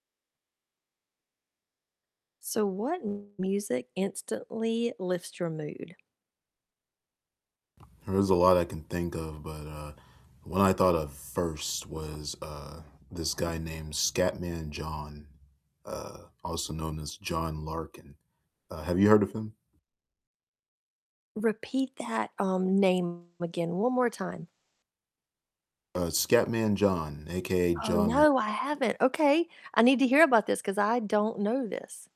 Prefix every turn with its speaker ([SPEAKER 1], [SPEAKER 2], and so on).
[SPEAKER 1] So, what music instantly lifts your mood?
[SPEAKER 2] There's a lot I can think of, but, uh, one I thought of first was, uh, this guy named Scatman John, uh, also known as John Larkin. Uh, have you heard of him?
[SPEAKER 1] Repeat that, um, name again one more time.
[SPEAKER 2] Uh, Scatman John, AKA
[SPEAKER 1] Oh,
[SPEAKER 2] John
[SPEAKER 1] no,
[SPEAKER 2] Lar
[SPEAKER 1] I haven't. Okay. I need to hear about this 'cause I don't know this.